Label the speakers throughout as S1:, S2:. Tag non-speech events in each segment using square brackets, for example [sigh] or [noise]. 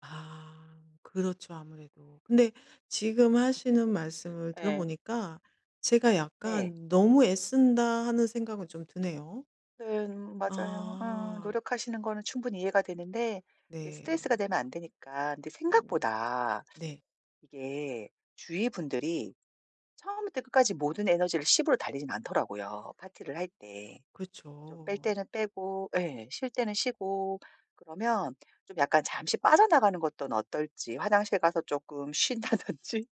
S1: 아. 그렇죠 아무래도. 근데 지금 하시는
S2: [laughs]
S1: 말씀을 들어
S2: 예.
S1: 보니까 제가
S2: 네.
S1: 약간 '너무 애쓴다.' 하는 생각은 좀 드네요.
S2: 네 음 맞아요. 어
S1: 아.
S2: 노력하시는 거는 충분히 이해가 되는데 이
S1: 네.
S2: 스트레스가 되면 안 되니까 근데
S1: 음.
S2: 생각보다
S1: 네.
S2: 이게 주위 분들이 처음부터 끝까지 모든 에너지를 10 으로 달리진 않더라고요 파티를 할 때. 좀 뺄
S1: 그렇죠.
S2: 때는 빼고 예. 쉴 때는 쉬고 그러면 좀 약간 잠시 빠져나가는 것 떤 어떨지 화장실 가서 쪼끔 쉰다든지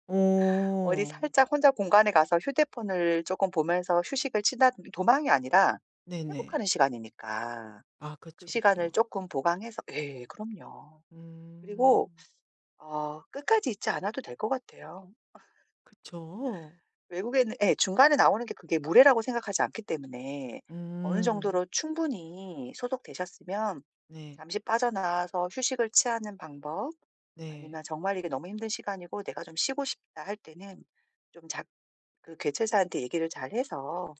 S2: 어디
S1: 어.
S2: 살짝 혼자 공간에 가서 휴대폰을 쪼끔 보면서 휴식을 치다든 도망이 아니라
S1: 네네.
S2: 회복하는 시간이니까
S1: 아
S2: 그
S1: 그쵸,
S2: 시간을
S1: 그쵸.
S2: 쪼끔 보강해서 예 그럼요. 그리고
S1: 음.
S2: [sucks teeth] 어 끝까지 있지 않아도 될 것 같아요.
S1: 그쵸.
S2: [laughs] 외국에는 예. 중간에 나오는 게 그게 무례라고 생각하지 않기 때문에 어느
S1: 음.
S2: 정도로 충분히 소통되셨으면
S1: 네.
S2: 잠시 빠져 나와서 휴식을 취하는 방법
S1: 네.
S2: 아니면 '정말 이게 너무 힘든 시간이고 내가 좀 쉬고 싶다.' 할 때는 좀 작 그 개최사한테 얘기를 잘해서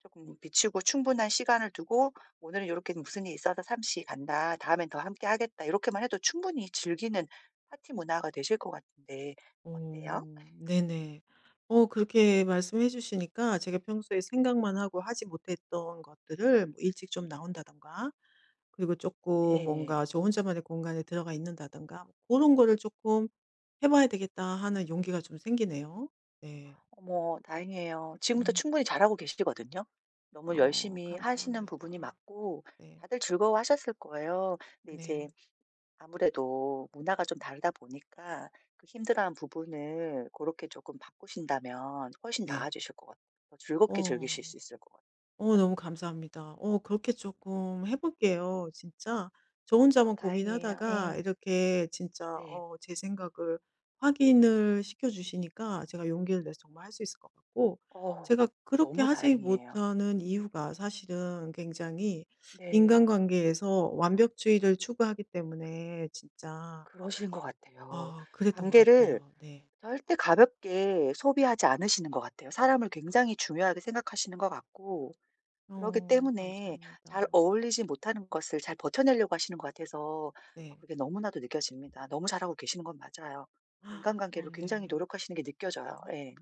S2: 쪼금 비추고 충분한 시간을 두고 "오늘은 요렇게 무슨 일이 있어서 잠시 간다. 다음엔 더 함께 하겠다." 요렇게만 해도 충분히 즐기는 파티 문화가 되실 것 같은데 어때요?
S1: 어
S2: [laughs]
S1: 네네. 어 그렇게 말씀해 주시니까 제가 평소에 생각만 하고 하지 못했던 것들을 일찍 좀 나온다든가 그리고 쪼끔
S2: 네.
S1: 뭔가 저 혼자만의 공간에 들어가 있는다든가 고런 거를 쪼끔 해 봐야 되겠다 하는 용기가 좀 생기네요. 네.
S2: 어머 다행이에요. 지금도
S1: 음.
S2: 충분히 잘 하고 계시거든요. 너무
S1: 어
S2: 열심히 하시는
S1: 감사합니다.
S2: 부분이 맞고
S1: 네.
S2: 다들 즐거워하셨을 거예요. 근데 이제
S1: 네.
S2: 아무래도 문화가 좀 다르다 보니까 그 힘들어하는 부분을 고렇게 쪼끔 바꾸신다면 훨씬
S1: 네.
S2: 나아지실 것 같 더 즐겁게
S1: 어.
S2: 즐기실 수 있을 것 같아요.
S1: 어
S2: [laughs]
S1: 너무 감사합니다. 어 그렇게 쪼끔 해 볼게요 진짜. 저
S2: 어
S1: 혼자만
S2: 다행이에요.
S1: 고민하다가
S2: 예.
S1: 이렇게 진짜
S2: 네.
S1: 어 제 생각을 확인을 시켜 주시니까 제가 용기를 내서 정말 할 수 있을 것 같고
S2: 어.
S1: 제가 그렇게
S2: 너무
S1: 하지
S2: 다행이에요.
S1: 못하는 이유가 사실은 굉장히
S2: 네.
S1: 인간관계에서 완벽주의를 추구하기 때문에 진짜
S2: 그러신 것 같아요.
S1: 아 그랬던 것
S2: 관계를
S1: 같아요. 네.
S2: 절대 가볍게 소비하지 않으시는 것 같아요. 사람을 굉장히 중요하게 생각하시는 것 같고 그러기
S1: 어.
S2: 때문에 잘
S1: 감사합니다.
S2: 어울리지 못하는 것을 잘 버텨내려고 하시는 것 같아서 아
S1: 네.
S2: 그게 너무나도 느껴집니다. 너무 잘하고 계시는 건 맞아요.
S1: [gasps] 어
S2: 인간관계를 굉장히
S1: 네.
S2: 노력하시는 게 느껴져요. 예.